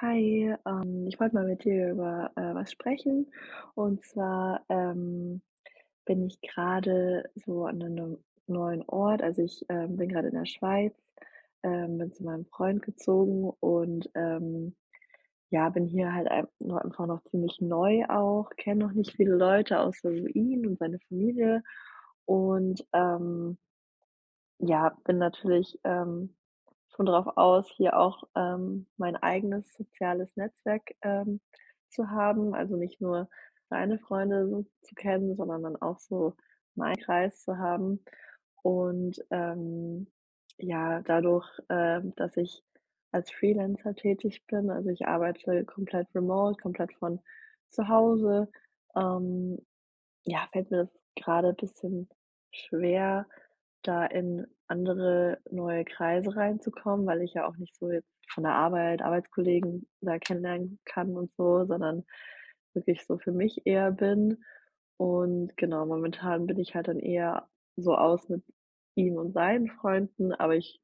Hi, ähm, ich wollte mal mit dir über, äh, was sprechen und zwar, ähm, bin ich grade so an 'ne 'nem neuen Ort. Also, ich, ähm, bin grade in der Schweiz, ähm, bin zu meinem Freund gezogen und, ähm, ja, bin hier halt ein nur einfach noch ziemlich neu auch, kenne noch nicht viele Leute außer nur ihn und seine Familie und, ähm ja bin natürlich, ähm, schon drauf aus hier auch, ähm, mein eigenes soziales Netzwerk, ähm, zu haben, also, nicht nur seine Freunde so zu kennen, sondern dann auch so meinen Kreis zu haben. Und, ähm, ja, dadurch, äh, dass ich als Freelancer tätig bin, also, ich arbeite komplett remote, komplett von zu Hause, ähm, ja, fällt mir das gerade bisschen schwer da in andere neue Kreise reinzukommen, weil ich ja auch nicht so jetzt von der Arbeit Arbeitskollegen da kennenlernen kann und so sondern wirklich so für mich eher bin. Und genau, momentan bin ich halt dann eher so aus mit ihm und seinen Freunden aber ich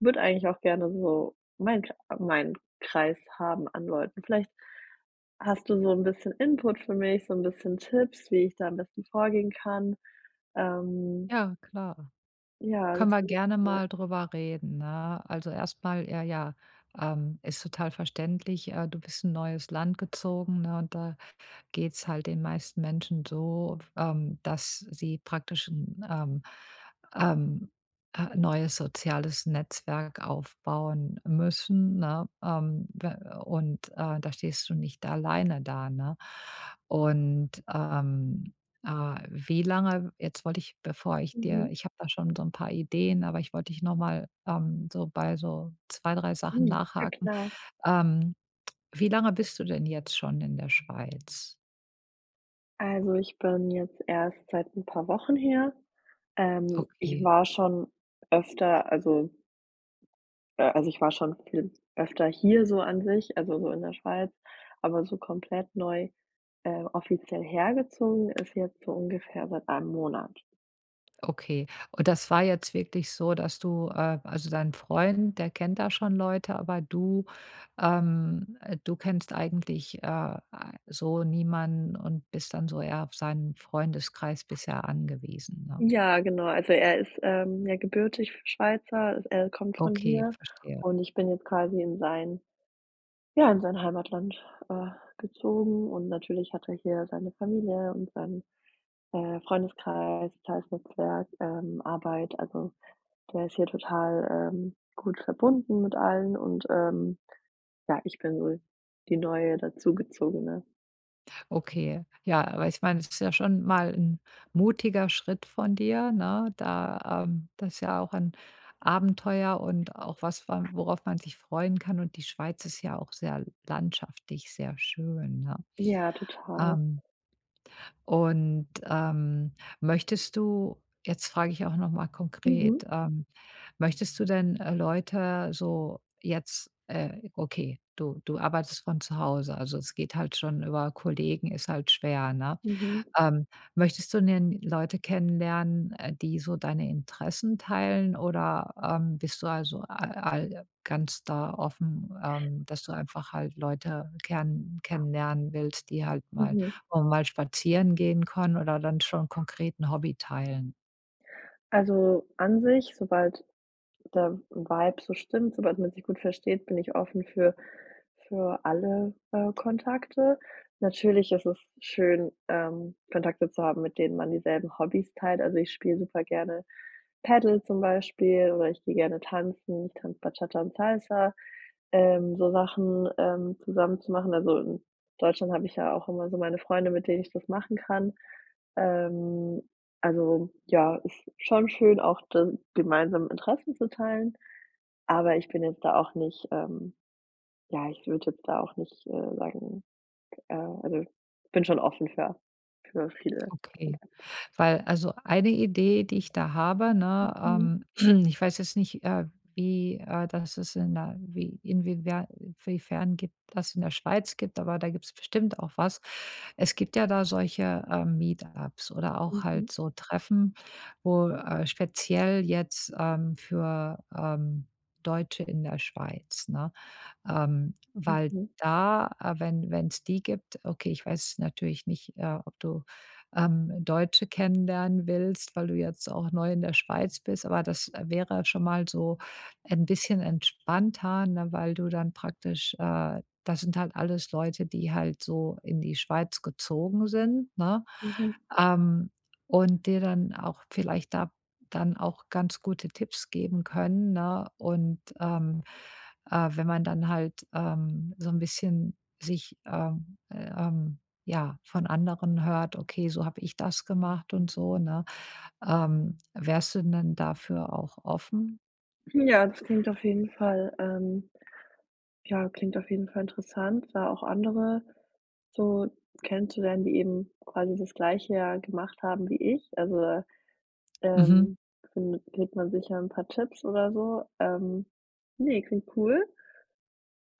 würde eigentlich auch gerne so mein Krei meinen Kreis haben an Leuten. Vielleicht hast du so 'n bisschen Input für mich, so 'n bisschen Tipps, wie ich da am besten vorgehen kann? Ähm Ja, klar. ja, Können das wir wäre gerne super. mal drüber reden, ne? Also, erst mal, äh, ja, ähm, ist total verständlich. Äh, du bist in 'n neues Land gezogen, ne? Und da geht es halt den meisten Menschen so f ähm, dass sie praktisch 'n, ähm, ähm, äh 'n neues soziales Netzwerk aufbauen müssen, ne? Ähm, w und, äh, da stehst du nicht alleine da, ne? Und, ähm, äh, wie lange jetzt wollte ich, bevor ich dir Mhm. ich habe da schon so 'n paar Ideen, aber ich wollte dich noch mal, ähm so bei so 2, 3 Sachen Hm, ja nachhaken. klar. Ähm, wie lange bist du denn jetzt schon in der Schweiz? Also, ich bin jetzt erst seit 'n paar Wochen hier. Ähm. Ich Okay. war schon öfter also äh, also, ich war schon viel öfter hier so an sich, also, so in der Schweiz. Aber so komplett neu, äh, offiziell hergezogen ist jetzt so ungefähr seit 1 Monat. Okay. Und das war jetzt wirklich so, dass du, äh also, dein Freund, der kennt da schon Leute, aber du, ähm du kennst eigentlich, äh, so niemanden und bist dann so eher auf seinen Freundeskreis bisher angewiesen, ne? Ja, genau. Also, er ist, ähm, ja, gebürtig Schweizer. Er kommt von Okay, hier verstehe. und ich bin jetzt quasi in sein ja, in sein Heimatland, äh, gezogen und natürlich hat er hier seine Familie und seinen, äh, Freundeskreis, soziales Netzwerk, ähm, Arbeit. Also, der ist hier total, ähm, gut verbunden mit allen und, ähm, ja, ich bin wohl die Neue, dazu Gezogene. Okay, ja, weil ich meine, das ist ja schon mal 'n mutiger Schritt von dir, ne, da, ähm das ist ja auch ein Abenteuer und auch was, wa worauf man sich freuen kann. Und die Schweiz ist ja auch sehr landschaftlich sehr schön, ne? Ja, total. Ähm und, ähm, möchtest du jetzt frage ich auch noch mal Mhm. konkret, ähm, möchtest du denn, äh, Leute so jetzt, äh okay, du du arbeitest von zu Hause, also, es geht halt schon über Kollegen ist halt schwer, ne? Mhm. Ähm, möchtest du denn Leute kennenlernen, äh, die so deine Interessen teilen oder, ähm, bist du also a all ganz da offen, ähm, dass du einfach halt Leute gern kennenlernen willst, die halt mal Mhm. auch mal spazieren gehen können oder dann schon konkret 'n Hobby teilen? Also, an sich, sobald der Vibe so stimmt, sobald man sich gut versteht, bin ich offen für für alle, äh, Kontakte. Natürlich ist es schön, ähm, Kontakte zu haben, mit denen man dieselben Hobbys teilt. Also, ich spiele super gerne Paddle zum Beispiel oder ich gehe gerne tanzen, ich kann Bachata und Salsa, ähm, so Sachen, ähm, zusammen zu machen. Also, in Deutschland habe ich ja auch immer so meine Freunde, mit denen ich das machen kann. Ähm, also, ja, ist schon schön auch dann gemeinsam Interessen zu teilen, aber ich bin jetzt da auch nicht, ähm ja, ich würde jetzt da auch nicht, äh, sagen, äh also, bin schon offen für für viele Okay, Kontakte. weil also, eine Idee, die ich da habe, ne, Mhm. ähm, ich weiß jetzt nicht, äh, wie äh, das ist in der wie inwiefern wiefern gibt das in der Schweiz gibt, aber da gibt es bestimmt auch was. Es gibt ja da solche, äh, Meetups oder auch Mhm. halt so Treffen, wo, äh speziell jetzt, ähm, für, ähm, Deutsche in der Schweiz, ne? Ähm, weil Mhm. da wenn wenn es die gibt okay, ich weiß jetzt natürlich nicht, äh, ob du, ähm, Deutsche kennenlernen willst, weil du jetzt auch neu in der Schweiz bist, aber das wäre schon mal so ein bisschen entspannter, ne? Weil du dann praktisch, äh das sind halt alles Leute, die halt so in die Schweiz gezogen sind, ne? Mhm. Ähm, und dir dann auch vielleicht da dann auch ganz gute Tipps geben können, ne? Und, ähm, äh, wenn man dann halt, ähm, so `n bisschen sich, äh, ähm ja, von anderen hört: „Okay, so habe ich das gemacht.“ Und so, ne? Ähm, wärst du denn dafür auch offen? Ja, das klingt auf jeden Fall ähm, ja, klingt auf jeden Fall interessant, da auch andere so kennenzulernen, die eben quasi das Gleiche ja gemacht haben wie ich. Also, äh, Mhm. ähm, findet kriegt man sicher 'n paar Tipps oder so. Ähm, ne, klingt cool.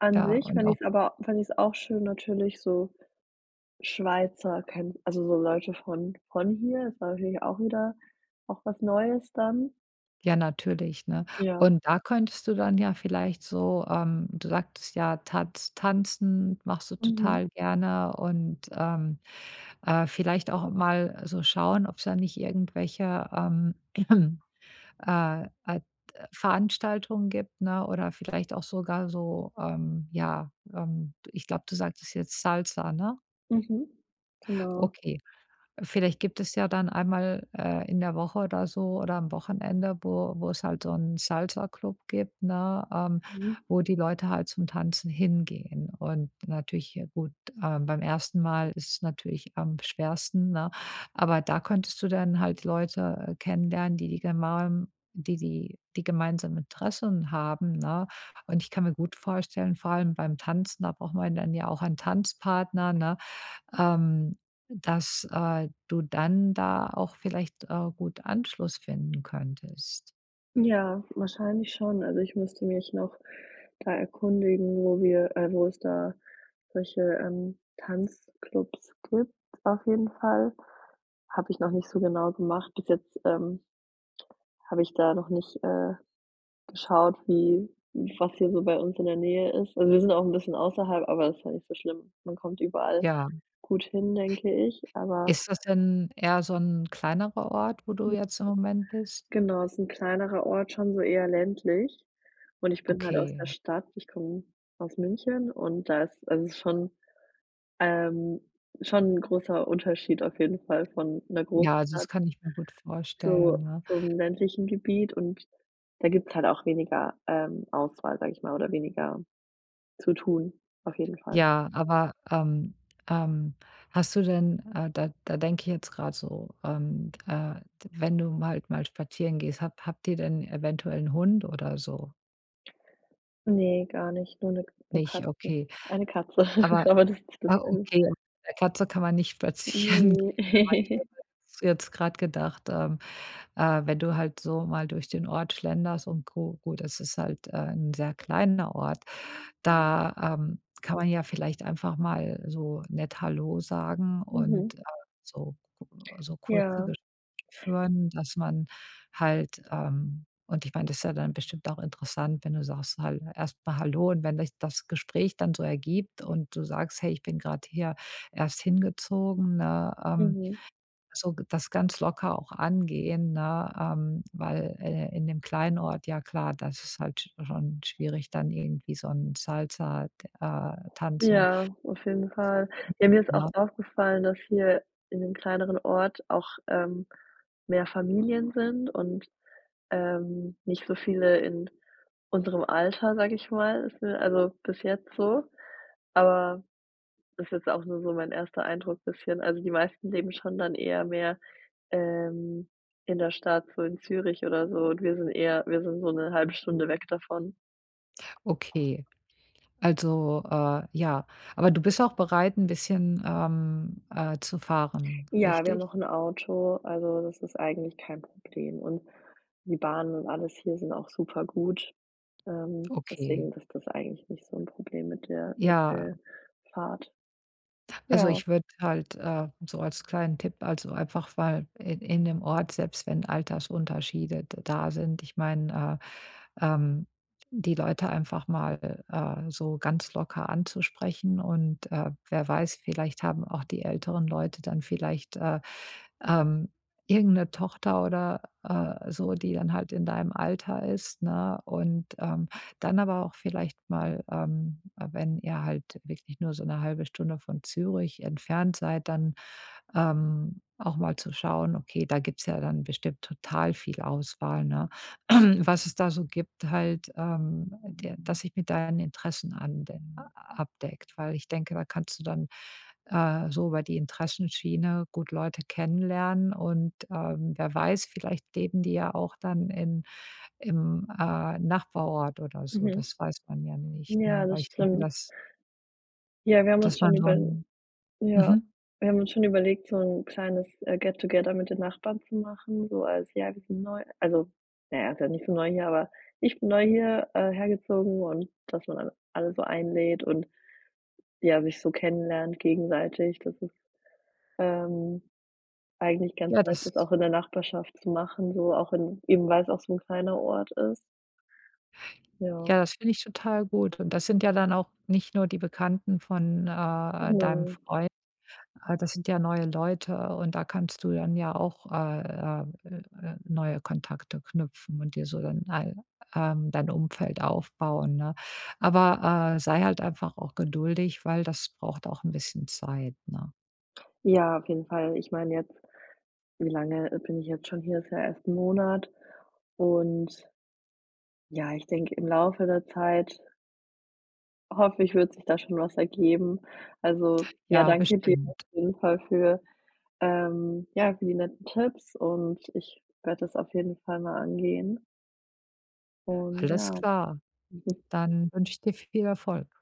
An Ja sich und fände auch ich's aber fände ich's auch schön natürlich so Schweizer kennen also, so Leute von von hier. Ist natürlich auch wieder auch was Neues dann. Ja, natürlich, ne? Ja. Und da könntest du dann ja vielleicht so, ähm du sagtest ja, Tanz Tanzen machst du Mhm. total gerne und, ähm, äh, vielleicht auch mal so schauen, ob's da nicht irgendwelche, ähm, äh, äh, t Veranstaltungen gibt, ne, oder vielleicht auch sogar so, ähm, ja, ähm, d ich glaube, du sagtest jetzt „Salsa“, ne? Mhm, genau. Okay, äh, vielleicht gibt es ja dann einmal äh, in der Woche oder so oder am Wochenende, wo wo es halt so 'n Salsaclub gibt, ne, ähm, Mhm. wo die Leute halt zum Tanzen hingehen. Und natürlich, ja gut, ähm, beim 1. Mal ist es natürlich am schwersten, ne, aber da könntest du dann halt Leute, äh, kennenlernen, die die gema die die die gemeinsamen Interessen haben, ne? Und ich kann mir gut vorstellen, vor allem beim Tanzen, da braucht man dann ja auch einen Tanzpartner, ne, ähm, dass, äh, du dann da auch vielleicht, äh, gut Anschluss finden könntest. Ja, wahrscheinlich schon. Also, ich müsste mich noch da erkundigen, wo wir, äh wo es da solche, ähm, Tanzclubs gibt auf jeden Fall. Habe ich noch nicht so genau gemacht bis jetzt, ähm habe ich da noch nicht, äh, geschaut wie was hier so bei uns in der Nähe ist. Und wir sind auch 'n bisschen außerhalb, aber das ist ja nicht so schlimm. Man kommt überall Ja. gut hin denke ich, aber Ist das denn eher so 'n kleinerer Ort, wo du [unintelligible] jetzt im Moment bist? Genau, ist 'n kleinerer Ort, schon so eher ländlich und ich bin halt aus Okay. der Stadt, ich komme aus München und da ist also, ist schon, ähm, schon 'n großer Unterschied auf jeden Fall von 'ner Ja, also, Großstadt das kann ich mir gut zu vorstellen, ne? zum ländlichen Gebiet und da gibt es halt auch weniger, ähm, Auswahl, sage ich mal oder weniger zu tun auf jeden Fall. Ja, aber, ähm, ähm, hast du denn, äh da da denke ich jetzt grad so, ähm, äh wenn du mal im Wald mal spazieren gehst, habt habt ihr denn eventuell 'n Hund oder so? Ne, gar nicht, nur 'ne K nur Nicht, Katzen, okay. eine Katze, Aber aber das ist nicht das ah, selbe. okay, 'ne Katze kann man nicht spazieren Ne. gehen, aber ich habe jetzt grade gedacht, ähm, äh, wenn du halt so mal durch den Ort schlenderst und gu gut, es ist halt, äh, 'n sehr kleiner Ort, da, ähm, kann man ja vielleicht einfach mal so nett hallo sagen und, Mhm. äh, so k so kurze Ja. Gespräche führen, dass man halt, ähm und ich meine, das ist ja dann bestimmt auch interessant, wenn du sagst halt erst mal hallo und wenn sich das Gespräch dann so ergibt und du sagst: „Hey, ich bin grade hier erst hingezogen,“ ne? Ähm, Mhm. so g das ganz locker auch angehen, ne, ähm, weil, äh, in dem kleinen Ort, ja klar, das ist es halt sch schon schwierig dann irgendwie so 'n Salsa, d äh, tanzen Ja, auf jeden zu Fall. finden, Ja, mir ist auch ne? aufgefallen, dass hier in dem kleineren Ort auch, ähm, mehr Familien sind und, ähm, nicht so viele in unserem Alter, sage ich mal, fü also, bis jetzt so. Aber das jetzt auch nur so mein erster Eindruck bisschen. Also, die meisten leben schon dann eher mehr, ähm, in der Stadt, so in Zürich oder so und wir sind eher wir sind so 'ne 1/2 Stunde weg davon. Okay, also, äh ja. Aber du bist auch bereit, 'n bisschen, ähm, äh, zu fahren, Ja wir haben richtig? noch 'n Auto, also, das ist eigentlich kein Problem und die Bahn und alles hier sind auch super-gut, ähm, Okay. deswegen ist das eigentlich nicht so 'n Problem mit der mit Ja. der Fahrt. Also, Ja. ich würde halt, äh, so als kleinen Tipp, also, einfach mal in in dem Ort, selbst wenn Altersunterschiede d da sind, ich meine, äh, ähm, die Leute einfach mal, äh, so ganz locker anzusprechen und, äh, wer weiß, vielleicht haben auch die älteren Leute dann vielleicht, äh, ähm, irgendeine Tochter oder, äh, so, die dann halt in deinem Alter ist, ne? Und, ähm, dann aber auch vielleicht mal, ähm, äh, wenn ihr halt wirklich nur so 'ne 1/2 Stunde von Zürich entfernt seid, dann, ähm, auch mal zu schauen, okay, da gibt es ja dann bestimmt total viel Auswahl, ne? Was es da so gibt halt, ähm, der dass sich mit deinen Interessen anwen abdeckt, weil ich denke, da kannst du dann, äh, so über die Interessenschiene gut Leute kennenlernen und, ähm, wer weiß, vielleicht leben die ja auch dann in im, äh, Nachbarort oder so. Mhm. Das weiß man ja nicht, ne? Ja Weil das ich denke, stimmt. dass Ja wir haben uns dass schon man so überl 'n ja, mhm. wir haben uns schon überlegt so 'n kleines, äh, get together mit den Nachbarn zu machen, so als ja wir sind neu, also, na ja ist ja nicht so neu hier aber ich bin neu hier, äh, hergezogen und dass man all alle so einlädt und, ja, sich so kennenlernt gegenseitig das ist, ähm, eigentlich Ja, ganz nett dass das auch in der Nachbarschaft zu machen so auch in eben weil es auch so 'n kleiner Ort ist. Ja. Ja, das finde ich total gut und das sind ja dann auch nicht nur die Bekannten von, äh, deinem Genau. Freund, äh, das sind ja neue Leute und da kannst du dann ja auch, äh, ähm, äh, äh, neue Kontakte knüpfen und dir so dann ei ähm, dein Umfeld aufbauen, ne? Aber, äh, sei halt einfach auch geduldig, weil das braucht auch 'n bisschen Zeit, ne? Ja auf jeden Fall. Ich meine jetzt, wie lange bin ich jetzt schon hier? Ist ja erst 'n Monat und ja ich denke im Laufe der Zeit hoffe ich, wird sich da schon was ergeben. Also, ja Ja, danke dir auf bestimmt. jeden Fall für, ähm ja, für die netten Tipps und ich werde das auf jeden Fall mal angehen. Und, Alles ja. klar. Dann wünsche ich dir viel Erfolg.